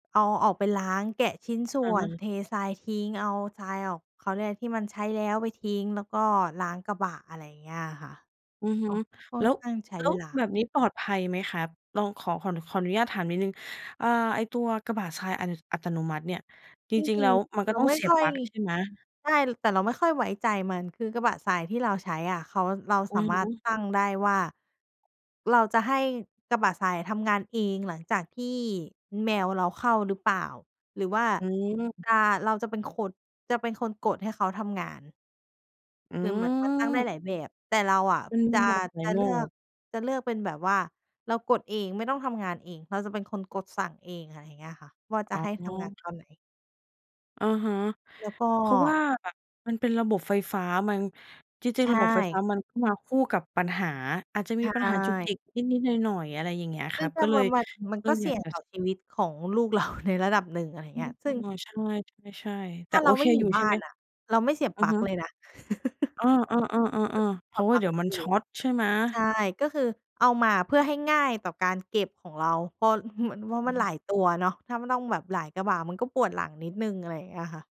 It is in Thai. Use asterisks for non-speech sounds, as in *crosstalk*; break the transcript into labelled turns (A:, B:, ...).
A: เอา เอาออกไปล้าง แกะชิ้นส่
B: อะ
A: ว
B: ฮ
A: น
B: ะ
A: เททรายทิ้ง เอาทรายออก เขาเรียกอะไรที่มันใช้แล้วไปทิ้ง แล้วก็ล้างกระบะ อะไรอย่างเงี้ยอะค่ะ
B: อือฮึ
A: อา ค่อ
B: แล้
A: น
B: ว
A: ข้างใช้
B: แล้
A: เ
B: ว
A: วลา
B: แบบนี้ปลอดภัยไหมครับ เรา ขอ ขออนุญาตถามนิดหนึ่ง อ่า ไอ้ตัวกระบะทราย อัต อัตโนมัติเนี่ย จ
A: จ
B: ริง
A: ร
B: ๆ แ
A: ิ
B: ล้
A: ง
B: วมัน
A: ๆ เ
B: ก
A: ร
B: ็
A: า
B: ต้อง
A: ไม่
B: เสีย
A: ค
B: บ
A: ่อ
B: ป
A: ย
B: ลั๊กใช่ไหม?
A: ได้ แต่เราไม่ค่อยไว้ใจมัน คือกระบะทรายที่เราใช้อะ เขา เรา
B: อื
A: สา
B: อ
A: ม
B: ฮ
A: ารถ
B: ึ
A: ตั้งได้ว่า เราจะให้กระบะทรายทำงานเอง หลังจากที่แมวเราเข้าหรือเปล่า หรือว่า
B: อืม
A: อา เรา จะเป็นคน จะเป็นคนกดให้เขาทำงาน
B: อ
A: คือเหมือนมันตั้งได้
B: ืม
A: หลายแบบ แต่เราอะ
B: มันม
A: จ
B: ี
A: ะ
B: แบบไหน
A: จะ
B: ม
A: เ
B: ั
A: ลื
B: ่ง?
A: อก จะเลือกเป็นแบบว่าเรากดเองไม่ต้องทำงานเอง เราจะเป็นคนกดสั่งเอง อะไรอย่างเงี้ยค่ะ ว่าจ
B: อ
A: ะ
B: ๋
A: ให้ทำงาน
B: อ
A: ตอนไหน
B: อะฮะ
A: แล้วก็
B: เพราะว่ามันเป็นระบบไฟฟ้า มัน จร
A: ใ
B: ิ
A: ช
B: ง ๆ ระบบไฟฟ้
A: ่
B: ามันก็มาคู่กับปัญหา อาจจะ
A: ใ
B: ม
A: ช
B: ีปัญหาจุกจ
A: ่
B: ิกนิด ๆ หน่อย ๆ อะไรอย่างเงี้ยค
A: ซึ่
B: รั
A: ง
B: บ
A: ก็
B: ก็เล
A: มั
B: ย
A: น มัน มัน
B: เติ
A: ก
B: ้
A: ็
B: ง
A: เส
B: อย
A: ี่
B: าก
A: ยง
B: จะ
A: ต่อชีวิตของลูก เรา ในระดับหนึ่ง อะไรอย่า
B: อ
A: ง
B: ื
A: เงี้
B: ม
A: ย ซ
B: เอ
A: ึ่ง
B: อ ใช่ ๆ ๆ แ
A: ถ
B: ต
A: ้
B: ่
A: า
B: โ
A: เ
B: อ
A: ราไ
B: เ
A: ม
B: ค
A: ่อยู
B: อย
A: ่
B: ู่
A: บ
B: ใช่
A: ้า
B: ไห
A: น
B: ม?
A: อะ เราไม่เสียบ
B: อื
A: ป
B: อ
A: ลั๊
B: ฮ
A: ก
B: ึ
A: เลยนะ *chuckles* ค
B: เออ ๆ ๆ ๆ
A: ือ
B: ๆ เพ
A: ถ
B: ร
A: อ
B: า
A: ด
B: ะว่
A: ป
B: า
A: ลั
B: เ
A: ๊ก
B: ดี๋ยว
A: ก็
B: มัน
A: ดี
B: ชอร์ตใช่ไหม?
A: ใช่ ก็คือเอามาเพื่อให้ง่ายต่อการเก็บของเรา เพราะมัน ม
B: อ
A: ัน
B: ื
A: หล
B: อ
A: ายตัวเนาะ ถ้ามันต้องแบบหลายกระบะมันก็ปวดหลังนิดหนึ่ง อะไรอย่างเงี้ยค่ะ